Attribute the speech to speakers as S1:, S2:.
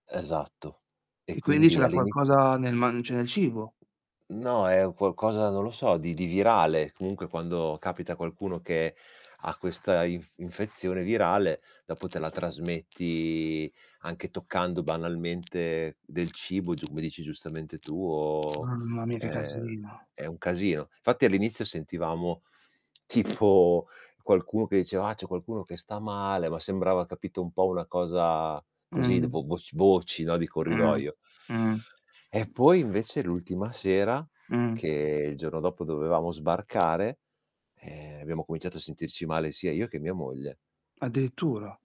S1: Esatto. E,
S2: E quindi
S1: quindi
S2: c'era
S1: all'inizio
S2: qualcosa nel man cioè nel cibo?
S1: No, è un qualcosa, non lo so, di di virale. Comunque quando capita a qualcuno che ha questa inf infezione virale, dopo te la trasmetti anche toccando banalmente del cibo, come dici giustamente tu, o
S2: Mamma mia, che
S1: è
S2: casino.
S1: è un casino. Infatti, all'inizio sentivamo tipo qualcuno che diceva: "Ah, c'è qualcuno che sta male." Ma sembrava capito un po' una cosa così d
S2: Mh.
S1: vo vo voc vocio, no, di
S2: Mh.
S1: corridoio.
S2: Mh.
S1: E, poi invece l'ultima sera,
S2: Mh.
S1: che il giorno dopo dovevamo sbarcare, ehm, abbiamo cominciato a sentirci male sia io che mia moglie.
S2: Addirittura.